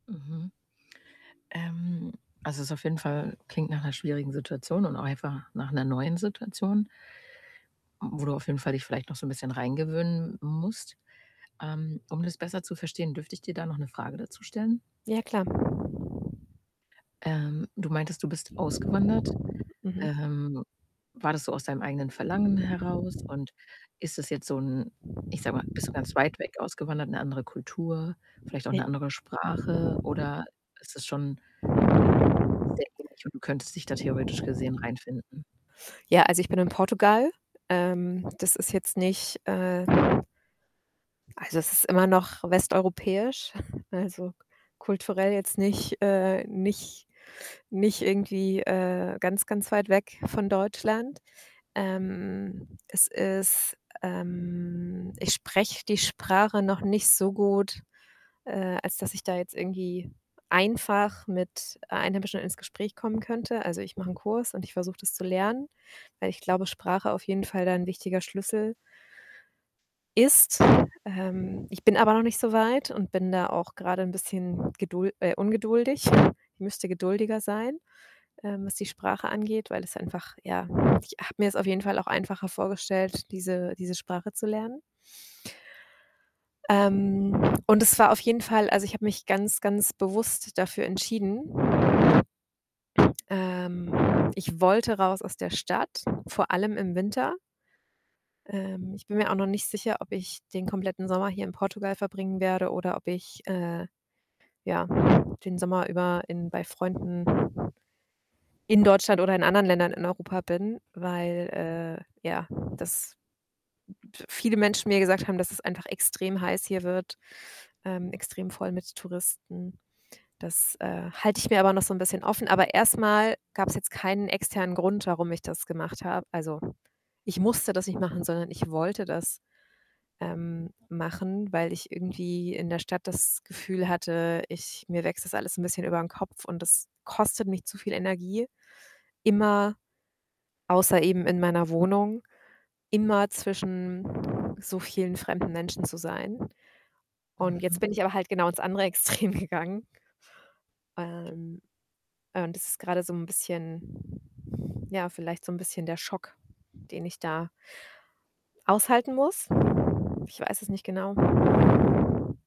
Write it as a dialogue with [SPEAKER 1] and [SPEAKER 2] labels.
[SPEAKER 1] Mhm. Ähm, also, es ist auf jeden Fall klingt nach 'ner schwierigen Situation und auch einfach nach 'ner neuen Situation mm, wo du auf jeden Fall dich vielleicht noch so 'n bisschen reingewöhnen musst. Ähm, um das besser zu verstehen, dürfte ich dir da noch 'ne Frage dazu stellen?
[SPEAKER 2] Ja, klar.
[SPEAKER 1] Ähm, du meintest, du bist ausgewandert.
[SPEAKER 2] Mhm.
[SPEAKER 1] Ähm, war das so aus deinem eigenen Verlangen heraus? Und ist das jetzt so 'n ich sage mal, bist du ganz weit weg ausgewandert in 'ne andere Kultur? Vielleicht auch
[SPEAKER 2] I
[SPEAKER 1] 'ne andere Sprache? Oder ist das schon sehr ähnlich und du könntest dich da theoretisch gesehen reinfinden?
[SPEAKER 2] Ja, also, ich bin in Portugal. Ähm, das ist jetzt nicht, äh also, es ist immer noch westeuropäisch, also, kulturell jetzt nicht, äh, nicht nicht irgendwie, äh, ganz, ganz weit weg von Deutschland. Ähm, es ist, ähm, ich spreche die Sprache noch nicht so gut, äh, als dass ich da jetzt irgendwie einfach mit Einheimischen ins Gespräch kommen könnte. Also, ich mache 'n Kurs und ich versuche das zu lernen, weil ich glaube, Sprache auf jeden Fall da 'n wichtiger Schlüssel ist. Ähm, ich bin aber noch nicht so weit und bin da auch grade 'n bisschen gedul äh, ungeduldig. Ich müsste geduldiger sein, ähm, was die Sprache angeht, weil das einfach, ja ich habe mir's auf jeden Fall auch einfacher vorgestellt, diese diese Sprache zu lernen. Ähm, und es war auf jeden Fall also, ich habe mich ganz, ganz bewusst dafür entschieden Ähm, ich wollte raus aus der Stadt, vor allem im Winter. Ähm, ich bin mir auch noch nicht sicher, ob ich den kompletten Sommer hier in Portugal verbringen werde oder ob ich, äh, ja, den Sommer über in bei Freunden in Deutschland oder in anderen Ländern in Europa bin, weil, äh, ja, dass p viele Menschen mir gesagt haben, dass es einfach extrem heiß hier wird, ähm, extrem voll mit Touristen. Das, äh, halte ich mir aber noch so 'n bisschen offen, aber erst mal gab's jetzt keinen externen Grund, warum ich das gemacht habe. Also, ich musste das nicht machen, sondern ich wollte das, ähm, machen, weil ich irgendwie in der Stadt das Gefühl hatte, ich mir wächst das alles 'n bisschen über 'n Kopf und das kostet mich zu viel Energie, immer außer eben in meiner Wohnung, immer zwischen so vielen fremden Menschen zu sein. Und jetzt
[SPEAKER 1] Mhm.
[SPEAKER 2] bin ich aber halt genau ins andere Extrem gegangen ähm, äh, und das ist grade so 'n bisschen, ja, vielleicht so 'n bisschen der Schock, den ich da aushalten muss. Ich weiß es nicht genau.